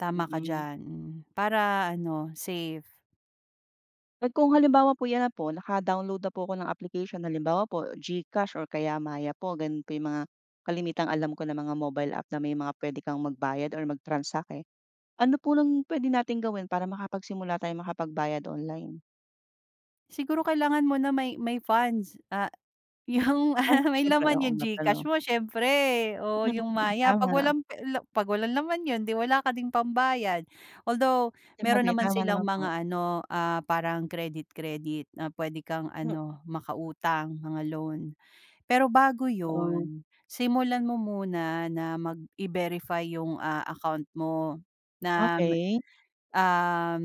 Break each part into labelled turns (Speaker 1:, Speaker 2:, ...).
Speaker 1: Tama ka
Speaker 2: Mm.
Speaker 1: diyan, mm. Para ano, safe.
Speaker 2: At kung halimbawa po 'yan na po, naka-download na po ako ng application, halimbawa po GCash or kaya Maya po, gano'n po yung mga kalimitang alam ko na mga mobile app na may mga pwede kang magbayad or mag-transact, eh. Ano po 'yong pwede nating gawin para makapagsimula tayong makapagbayad online?
Speaker 1: Siguro, kailangan mo na may may funds, ah, yung,
Speaker 2: Ay,
Speaker 1: ah, may
Speaker 2: siyempre,
Speaker 1: laman
Speaker 2: oo
Speaker 1: yung
Speaker 2: nga pala
Speaker 1: Gcash
Speaker 2: 'no?
Speaker 1: mo siyempre o
Speaker 2: Mm,
Speaker 1: yung
Speaker 2: mm,
Speaker 1: Maya. 'Pag
Speaker 2: tama.
Speaker 1: walang pe la 'pag walang naman yun di wala ka ding pambayad. Although, meron
Speaker 2: Sabagay,
Speaker 1: naman
Speaker 2: tama naman
Speaker 1: silang
Speaker 2: po.
Speaker 1: mga ano, ah, parang credi, credit na pwede kang
Speaker 2: Mm.
Speaker 1: ano, maka-utang mga loan. Pero bago
Speaker 2: Oo.
Speaker 1: yun, simulan mo muna na mag i-verify yung, ah, account mo na mu
Speaker 2: Okey.
Speaker 1: um,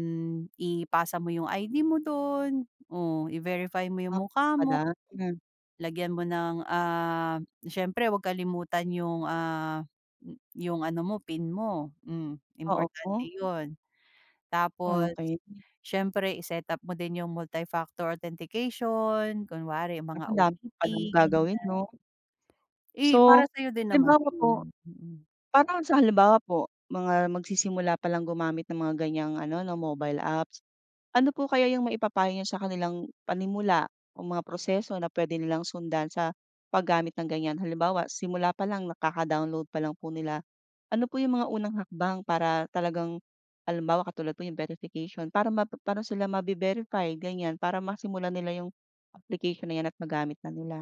Speaker 1: ipasa mo yung ID mo dun o i-verify mo yung
Speaker 2: Ah, ganun
Speaker 1: mukha mo,
Speaker 2: pala. Mm.
Speaker 1: lagyan mo ng, um, siyempre wag kalimutan yung, ah, yung ano mo, pin mo. Mm,
Speaker 2: Oo po.
Speaker 1: importante yun. Tapos
Speaker 2: Okey.
Speaker 1: siyempre i-set up mo din yung multifactor authentication. Kunwari, yung
Speaker 2: Naku,
Speaker 1: mga
Speaker 2: andami ko
Speaker 1: OTP,
Speaker 2: palang gagawin,
Speaker 1: ganyan.
Speaker 2: 'no?
Speaker 1: Eh, para
Speaker 2: So,
Speaker 1: sa'yo din naman
Speaker 2: halimbawa po
Speaker 1: yun. Mm.
Speaker 2: parang sa halimbawa po, mga magsisimula palang gumamit ng mga ganyang ano, na mobile apps. Ano po kaya yung maipapayo niyo sa kanilang panimula o mga proseso na pwede nilang sundan sa paggamit ng ganyan. Halimbawa, simula palang na kaka-download pa lang po nila, ano po yung mga unang hakbang para talagang halimbawa, katulad po yung verification para map pa'no sila mabi-verify, ganyan para masimulan nila yung application na 'yan at magamit na nila?